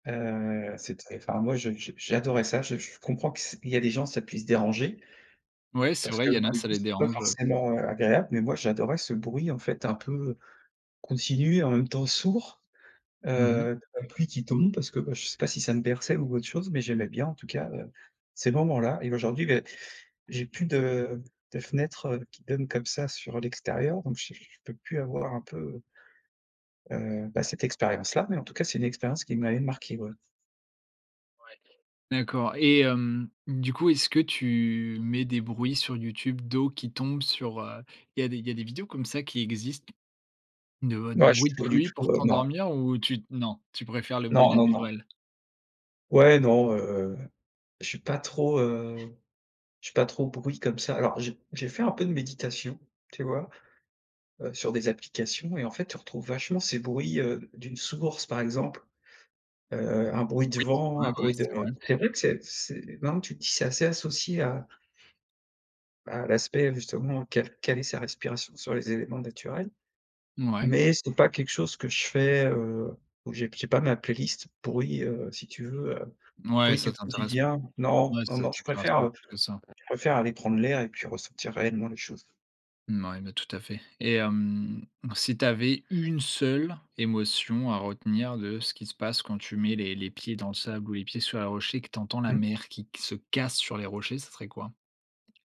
Heu, c'est t enfin, moi, je je, j'adorais ça. Je je comprends que c il y a des gens, ça puisse déranger Ouais, c'est parce vrai, que, il y en bah, a, du ça coup, les c'est pas dérange, heu. forcément, heu, agréable, mais moi, j'adorais ce bruit, en fait, un peu continu et en même temps, sourd. Mmh mh. Heu, tu as la pluie qui tombe parce que, bah, je sais pas si ça me berçait ou autre chose, mais j'aimais bien, en tout cas, heu, ces moments-là et aujourd'hui, beh, j'ai plus de de fenêtre, heu, qui donne, comme ça, sur l'extérieur donc j j je peux plus avoir un peu heu heu, bah, cette expérience-là, mais en tout cas, c'est une expérience qui m'avait marqué, ouais. Ouais, d'accord et hem, du coup, est-ce que tu mets des bruits sur YouTube d'eau qui tombe sur heu, il y a des il y a des vidéos comme ça qui existent de Non, je suis bruit de pas du pluie pour tout, heu, non. t'endormir ou tu non, tu préfères le bruit Non, non, non. naturel. Ouais, non, heu, je suis pas trop, heu, je suis pas trop bruit comme ça. Alors j'ai j'ai fait un peu de méditation, tu vois? Heu, sur des applications et en fait, tu retrouves vachement ces bruits, heu, d'une source, par exemple, heu, un bruit de Oui. vent, Ouais, un ouais, bruit de c'est vrai. c'est vrai que c'est c'est maintenant que tu le dis, c'est assez associé à à l'aspect, justement, caler caler est sa respiration sur les éléments naturels, Mouais. mais c'est pas quelque chose que je fais, heu, où j'ai p j'ai pas ma playlist bruit, heu, si tu veux, heu, Mouais, bruit ça du t'intéresse pas. quotidien. Non, Ouais, non, ça non, je t'intéresse préfère, pas heu, plus je que ça. préfère aller prendre l'air et puis ressentir réellement les choses. Mouais, mais tout à fait, et hem, si tu avais 1 seule émotion à retenir de ce qui se passe quand tu mets les les pieds dans le sable, ou les pieds sur les rochers, et que tu entends la Mmh. mer qui q se casse sur les rochers, ça serait quoi?